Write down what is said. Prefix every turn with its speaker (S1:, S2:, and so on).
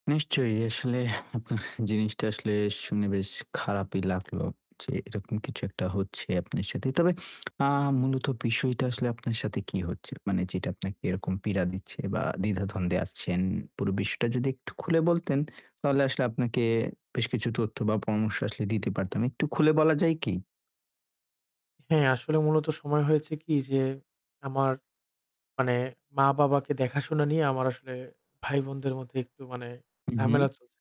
S1: নিশ্চয়ই আসলে আপনার জিনিসটা আসলে শুনে বেশ খারাপই লাগলো, যে এরকম কিছু একটা হচ্ছে আপনার সাথে। তবে আ মূলত বিষয়টা আসলে আপনার সাথে কি হচ্ছে? মানে যেটা আপনাকে এরকম পীড়া দিচ্ছে বা দ্বিধাদ্বন্দ্বে আসছেন। পুরো বিষয়টা যদি একটু খুলে বলতেন, তাহলে আসলে আপনাকে বেশ কিছু তথ্য বা পরামর্শ আসলে দিতে পারতাম। একটু খুলে বলা যায় কি?
S2: হ্যাঁ, আসলে মূলত সময় হয়েছে কি যে, আমার মানে মা-বাবাকে দেখাশোনা নিয়ে আমার আসলে ভাই-বোনদের মধ্যে একটু মানে
S1: হু, হু।
S2: ঝামেলা চলছে